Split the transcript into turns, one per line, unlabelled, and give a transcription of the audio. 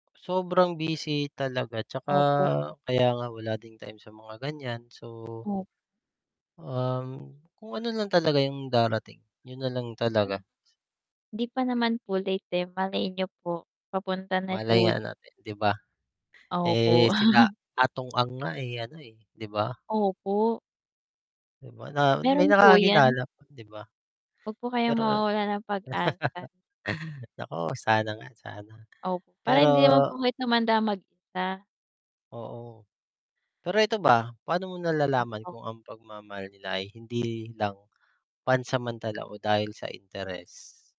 Sobrang busy talaga 'tsaka
Opo.
kaya nga wala ding time sa mga ganiyan so
[unintelligible]
um, kung ano lang talaga yung darating, 'yun na lang
[unintelligible]
talaga.
'Di pa
[unintelligible]
naman po late, eh, malay niyo po papunta na
Malay
po
nga
di
natin, 'di ba?
Opo.
Eh, sila Atong Ang nga, eh, ano, eh, 'di ba?
Opo.
'Di ba na may
Mayro'n po yan.
nakakakilala pa, 'di ba?
Huwag po kayong
Pero
mawawalan ng pag-asa.
naku, sana nga, sana.
Opo, para
Pero
hindi naman po kayo tumanda mag-isa.
Oo. Pero ito ba, paano mo nalalaman
Opo.
kung ang pagmamahal nila ay hindi lang pansamantala o dahil sa interes?